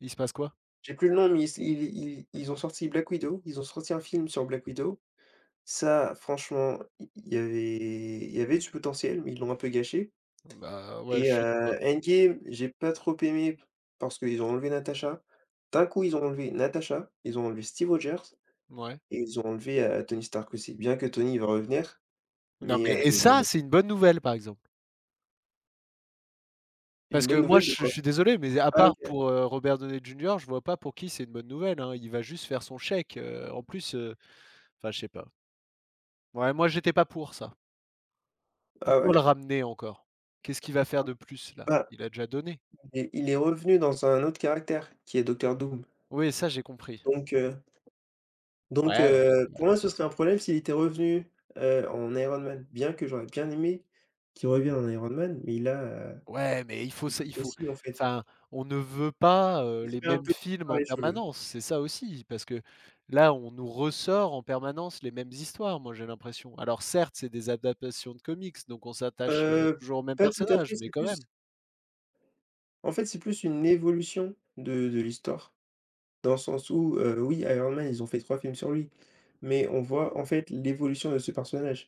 Il se passe quoi? J'ai plus le nom, mais ils s ils ils ils ont sorti Black Widow, ils ont sorti un film sur Black Widow. Ça, franchement, i il y avait il y avait du potentiel, mais ils l'ont un peu gâché Bah, ouais, je et suis d'accord. heu, Endgame, j'ai pas trop aimé p parce qu'ils ont enlevé Natasha. D'un coup, ils ont enlevé Natasha, ils ont enlevé Steve Rogers Mouais. et ils ont enlevé, heu, Tony Stark aussi. Bien que Tony il va revenir, Non mais mais heu, et mais ils l'ont ça c'est enlevé. une bonne nouvelle par exemple. Parce Une que bonne moi nouvelle je de je quoi? suis désolé mais à Ah! part OK. pour, heu, Robert Downey Junior, je vois pas pour qui c'est une bonne nouvelle, hein. Il va juste faire son chèque, heu, en plus, heu, enfin je sais pas. Ouais moi j'étais pas pour ça. Ah Pourquoi ouais? le ramener encore? Qu'est-ce qu'il va faire de plus là? Ah! Il a déjà donné. Il est il est revenu dans un autre caractère, qui est Docteur Doom. Oui, ça j'ai compris. Donc heu, donc Ouais ouais, heu, c'est vrai. pour moi, ce serait un problème s'il était revenu, heu, en Iron Man. Bien que j'aurais bien aimé qu'il revienne en Iron Man, mais là, Ouais mais il faut c'est sai plus il faut possible en fait. enfin, on ne veut pas, heu, Ce les serait un mêmes peu films par en les cheveux. permanence, c'est ça aussi. Parce que, là, on nous ressort en permanence les mêmes histoires, moi j'ai l'impression. Alors certes c'est des adaptations de comics, donc on s'attache, heu, Heu, toujours au même pas tout à personnage fait, mais c'est quand plus même. en fait, c'est plus une évolution de de l'histoire. Dans le sens où, heu, oui Iron Man, ils ont fait 3 films sur lui mais on voit en fait l'évolution de ce personnage.